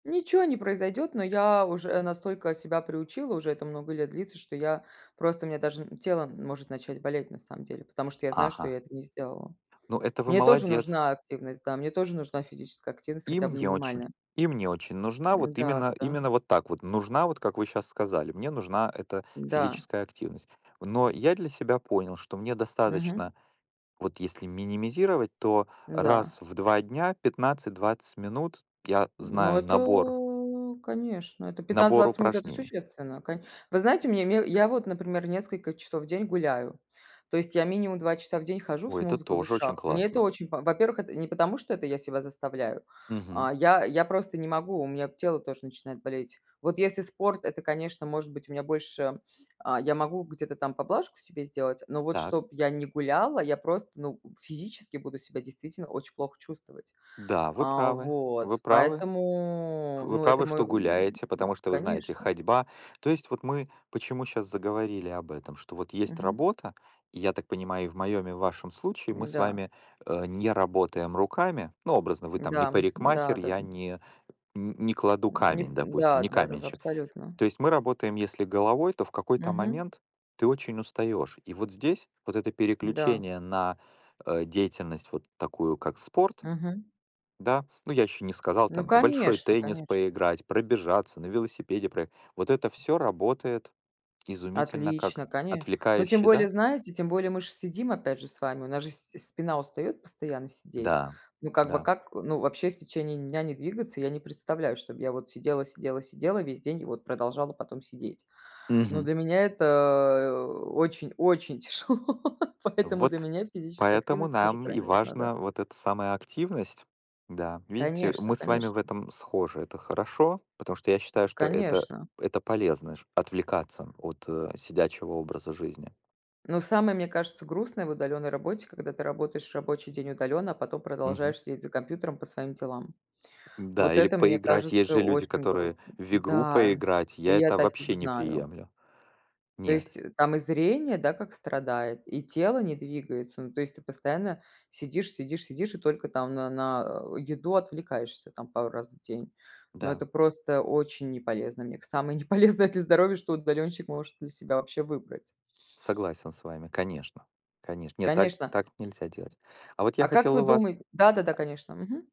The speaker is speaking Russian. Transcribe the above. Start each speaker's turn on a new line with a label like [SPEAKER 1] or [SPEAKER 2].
[SPEAKER 1] Ниче не произойдет, но я уже настолько себя приучила, уже это много лет длится, что я просто мне даже н тело может начать болеть, на самом деле, потому что я знаю, что
[SPEAKER 2] Ага.
[SPEAKER 1] я это не сделала.
[SPEAKER 2] Ну, это вы
[SPEAKER 1] Мне тоже
[SPEAKER 2] молодец.
[SPEAKER 1] нужна активность, да, мне тоже нужна физическая активность,
[SPEAKER 2] И
[SPEAKER 1] хотя бы
[SPEAKER 2] мне очень
[SPEAKER 1] минимальная.
[SPEAKER 2] и мне очень нужна вот
[SPEAKER 1] Да,
[SPEAKER 2] именно
[SPEAKER 1] да-да.
[SPEAKER 2] именно вот так вот нужна, вот как вы щас сказали, мне нужна эта
[SPEAKER 1] Да.
[SPEAKER 2] физическая активность. Но я для себя понял, что мне
[SPEAKER 1] Мгм.
[SPEAKER 2] достаточно, вот если минимизировать, то
[SPEAKER 1] Да.
[SPEAKER 2] раз в 2 дня 15-20 минут, я
[SPEAKER 1] Ну,
[SPEAKER 2] знаю набор
[SPEAKER 1] это, конечно, это пятнадцать
[SPEAKER 2] набор
[SPEAKER 1] двадцать минут- это
[SPEAKER 2] упражнений.
[SPEAKER 1] существенно. Ко вы знаете, у меня я вот, например, несколько часов в день гуляю, то есть я минимум 2 часа в день хожу с
[SPEAKER 2] Ой, это
[SPEAKER 1] музыкой в
[SPEAKER 2] тоже очень
[SPEAKER 1] ушах. Мне это
[SPEAKER 2] классно.
[SPEAKER 1] очень по во-первых, это не потому, что это я себя заставляю,
[SPEAKER 2] Мгм.
[SPEAKER 1] а я я просто не могу, у меня тело тоже начинает болеть. Вот если спорт- это, конечно, может быть, у меня больше, а, я могу где-то там поблажку себе сделать, но вот
[SPEAKER 2] Так.
[SPEAKER 1] чтоб я не гуляла, я просто, ну, физически буду себя действительно очень плохо чувствовать.
[SPEAKER 2] Да, вы
[SPEAKER 1] А,
[SPEAKER 2] правы. Вы
[SPEAKER 1] вот.
[SPEAKER 2] правы.
[SPEAKER 1] Поэтому,
[SPEAKER 2] Вы
[SPEAKER 1] ну, это
[SPEAKER 2] правы,
[SPEAKER 1] мой
[SPEAKER 2] что
[SPEAKER 1] м,
[SPEAKER 2] гуляете, потому что вы знаете
[SPEAKER 1] конечно.
[SPEAKER 2] ходьба то есть вот мы почему щас заговорили об этом? Что вот есть
[SPEAKER 1] Мгм.
[SPEAKER 2] работа, и я так понимаю, и в моем и в вашем случае мы с
[SPEAKER 1] Да.
[SPEAKER 2] вами, э, не работаем руками. Ну, образно, вы там не
[SPEAKER 1] Да, да,
[SPEAKER 2] парикмахер, я
[SPEAKER 1] да-да.
[SPEAKER 2] не не кладу
[SPEAKER 1] М, ни
[SPEAKER 2] камень, допустим,
[SPEAKER 1] да
[SPEAKER 2] не
[SPEAKER 1] да, даже
[SPEAKER 2] каменщик.
[SPEAKER 1] абсолютно.
[SPEAKER 2] То есть мы работаем если головой, то в какой-то
[SPEAKER 1] Мгм.
[SPEAKER 2] момент ты очень устаешь. И вот здесь вот это
[SPEAKER 1] Да.
[SPEAKER 2] переключение на, э, деятельность вот такую, как спорт,
[SPEAKER 1] Мгм.
[SPEAKER 2] да, ну, я еще не сказал,
[SPEAKER 1] Ну,
[SPEAKER 2] там, в большой
[SPEAKER 1] конечно,
[SPEAKER 2] теннис
[SPEAKER 1] конечно.
[SPEAKER 2] поиграть, пробежаться, на велосипеде проехать- вот это всё работает изумительно как
[SPEAKER 1] Отлично, коне но тем
[SPEAKER 2] отвлекающий,
[SPEAKER 1] более,
[SPEAKER 2] да?
[SPEAKER 1] знаете, тем более мы ж сидим опять же с вами, у нас же с спина устает постоянно сидеть.
[SPEAKER 2] Да,
[SPEAKER 1] Ну, как бы
[SPEAKER 2] да.
[SPEAKER 1] как ну, вообще в течение дня не двигаться, я не представляю, чтоб я вот сидела сидела сидела весь день и вот продолжала потом сидеть. Но
[SPEAKER 2] Мгм.
[SPEAKER 1] для меня это, очень, очень тяжело, поэтому для
[SPEAKER 2] Вот
[SPEAKER 1] меня физическая
[SPEAKER 2] поэтому
[SPEAKER 1] активность тоже
[SPEAKER 2] нам и
[SPEAKER 1] крайне важна, да.
[SPEAKER 2] важна вот эта самая активность. Да, видите,
[SPEAKER 1] Конечно,
[SPEAKER 2] мы с вами в
[SPEAKER 1] конечно.
[SPEAKER 2] этом схожи. Это хорошо, потому что я считаю, что это
[SPEAKER 1] Конечно.
[SPEAKER 2] это полезно, отвлекаться от сидячего образа жизни.
[SPEAKER 1] Ну, самое, мне кажется, грустное в удаленной работе, когда ты работаешь рабочий день удаленно, а потом
[SPEAKER 2] Мгм.
[SPEAKER 1] продолжаешь сидеть за компьютером по своим делам.
[SPEAKER 2] Да,
[SPEAKER 1] Вот
[SPEAKER 2] или
[SPEAKER 1] это, мне
[SPEAKER 2] поиграть, есть
[SPEAKER 1] кажется,
[SPEAKER 2] же люди,
[SPEAKER 1] очень
[SPEAKER 2] которые
[SPEAKER 1] грустно.
[SPEAKER 2] в игру
[SPEAKER 1] Да,
[SPEAKER 2] поиграть,
[SPEAKER 1] и
[SPEAKER 2] я
[SPEAKER 1] я
[SPEAKER 2] это
[SPEAKER 1] таких
[SPEAKER 2] вообще не
[SPEAKER 1] знаю.
[SPEAKER 2] приемлю.
[SPEAKER 1] То
[SPEAKER 2] Нет.
[SPEAKER 1] есть там и зрение, да, как страдает, и тело не двигается. Ну, то есть ты постоянно сидишь сидишь сидишь и только там на на еду отвлекаешься, там пару раз в день. Но
[SPEAKER 2] Да.
[SPEAKER 1] это просто очень неполезно. Мне к самое неполезное для здоровья, что удаленщик может для себя вообще выбрать.
[SPEAKER 2] Согласен с вами, конечно. Конечно, нет, так
[SPEAKER 1] Конечно.
[SPEAKER 2] так нельзя делать. А вот я
[SPEAKER 1] А как
[SPEAKER 2] хотел
[SPEAKER 1] вы
[SPEAKER 2] у вас
[SPEAKER 1] думает да-да-да,
[SPEAKER 2] а.
[SPEAKER 1] конечно, мгм.